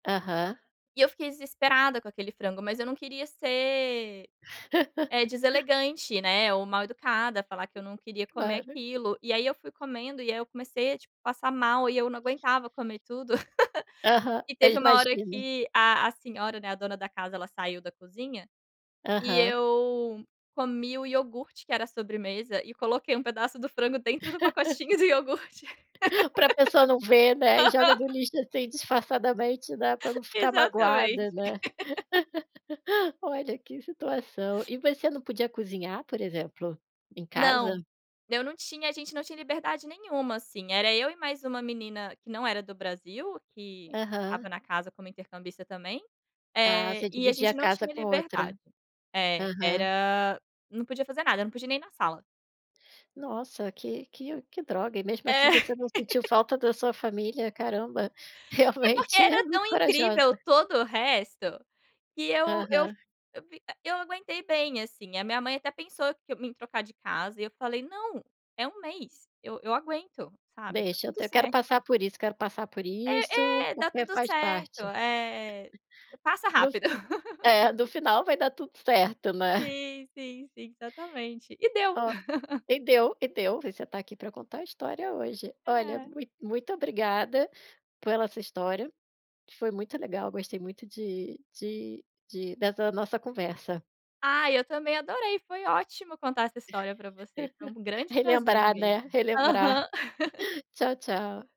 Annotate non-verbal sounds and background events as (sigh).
Aham. E eu fiquei desesperada com aquele frango, mas eu não queria ser, eh, (laughs) deselegante, né, ou mal educada, falar que eu não queria comer Claro. aquilo, e aí eu fui comendo, e aí eu comecei a, tipo, passar mal e eu não aguentava comer tudo, (laughs) Aham, e é teve uma hora imagina. que a a senhora, né, a dona da casa ela saiu da cozinha, e Aham. eu comi o iogurte que era a sobremesa e coloquei um pedaço do frango dentro do pacotinho do iogurte. (laughs) Pra pessoa não ver, né, e joga do (laughs) Aham. lixo, assim, disfarçadamente, né, pra não ficar Exatamente. magoada, né, (laughs) (laughs) olha, que situação. E você não podia cozinhar, por exemplo, em Não, casa? eu não tinha, a gente não tinha liberdade nenhuma, assim, era eu e mais uma menina que não era do Brasil, que estava Aham. na casa como intercambista também, Ah, eh, você e a dividia a gente não casa tinha com outra, liberdade é, aham. era, não podia fazer nada, não podia nem ir na sala. Nossa, que que que droga, e mesmo assim É. você não sentiu (laughs) falta da sua família, caramba, É porque realmente é era tão muito incrível corajosa. todo o resto, que eu eu fi Aham. eu fic eu aguentei bem assim, a minha mãe até pensou que em me trocar de casa e eu falei: "Não, é um mês, eu eu aguento.", sabe, tá Deixa, eu tudo te quero certo. passar por isso, quero passar por isso, É, é, dá porque tudo faz certo, parte. é, e passa No f rápido. (laughs) é no final vai dar tudo certo, né? Sim, sim, sim, exatamente. E deu. Ó, (laughs) e deu e deu, você tá aqui pra contar a história hoje. Olha, É. mui muito obrigada pela sua história, foi muito legal, gostei muito de de de dessa nossa conversa. Ai eu também adorei, foi ótimo contar essa história pra você, foi um (laughs) grande prazer Relembrar, mesmo, né, relembrar. aham. Tchau, tchau.